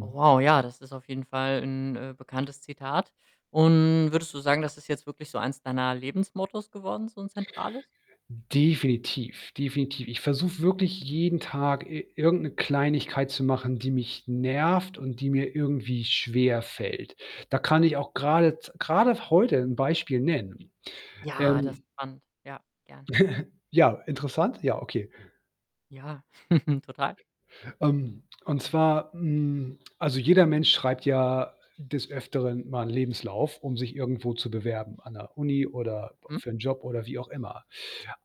Oh, wow, ja, das ist auf jeden Fall 'n, äh, bekanntes Zitat. Und würdest du sagen, das ist jetzt wirklich so eins deiner Lebensmottos geworden, so 'n Zentrales? Definitiv, definitiv. Ich versuche wirklich jeden Tag i irgend 'ne Kleinigkeit zu machen, die mich nervt und die mir irgendwie schwerfällt. Da kann ich auch Hm. grade z grade heute 'n Beispiel nennen. Ja, das ist Ähm spannend. Ja, gerne. Ja, interessant? Ja, okay. Ja, total. Ähm, und zwar, hm also jeder Mensch schreibt ja des Öfteren mal 'n Lebenslauf, um sich irgendwo zu bewerben, an der Uni oder Hm. für 'n Job oder wie auch immer.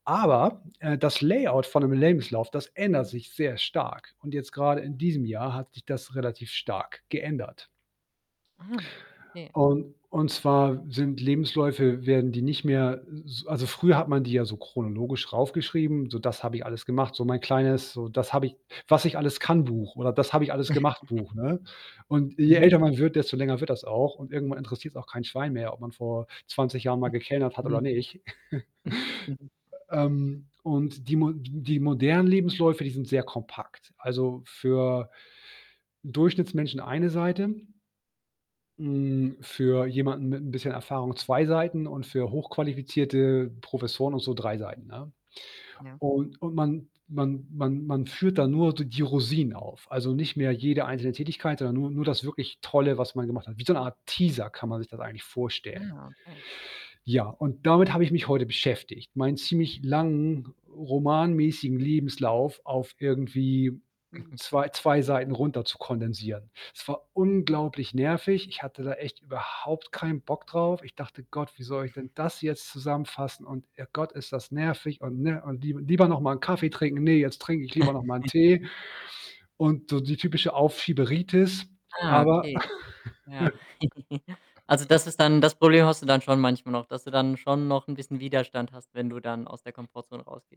Aber, äh, das Layout von 'nem Lebenslauf, das ändert sich sehr stark und jetzt gerade in diesem Jahr hat sich das relativ stark geändert. Ah, okay. Und und zwar sind Lebensläufe werden die nicht mehr s also, früher hat man die ja so chronologisch rauf geschrieben, so: „Das habe ich alles gemacht.“ so mein kleines so das habe ich, „Was-ich-alles-kann-Buch“ oder „Das-habe-ich-alles-gemacht-Buch“, ne? Und je Mhm. älter man wird, desto länger wird das auch und irgendwann interessiert's auch kein Schwein mehr, ob man vor 20 Jahren mal Hm. gekellnert hat oder Mhm. nicht. Ähm, und die mo die m die modernen Lebensläufe, die sind sehr kompakt. Also, für Durchschnittsmenschen 1 Seite. Hm, für jemanden mit 'n bisschen Erfahrung 2 Seiten und für hochqualifizierte Professoren und so 3 Seiten, ne? Ja. Und und man man man man führt dann nur d die Rosinen auf, also, nicht mehr jede einzelne Tätigkeit, sondern nur nur das wirklich Tolle, was man gemacht hat. Wie so eine Art „Teaser“ kann man sich das eigentlich vorstellen. Ah, okay. Ja, und damit habe ich mich heute beschäftigt. Meinen ziemlich langen romanmäßigen Lebenslauf auf irgendwie, hm, 2- 2 Seiten runter zu kondensieren. Es war unglaublich nervig. Ich hatte da echt überhaupt keinen Bock drauf. Ich dachte: „Gott, wie soll ich denn das jetzt zusammenfassen?“ und „Oh Gott, ist das nervig.“, und ne? Und: „Lie Lieber noch mal Kaffee trinken. Ne, jetzt trinke ich lieber noch mal 'n Tee.“, und so die typische „Aufschieberitis“. Ah, Aber okay. Ja. Also, das ist dann das Problem hast du dann schon manchmal noch, dass du dann schon noch 'n bisschen Widerstand hast, wenn du dann aus der Komfortzone rausgehst?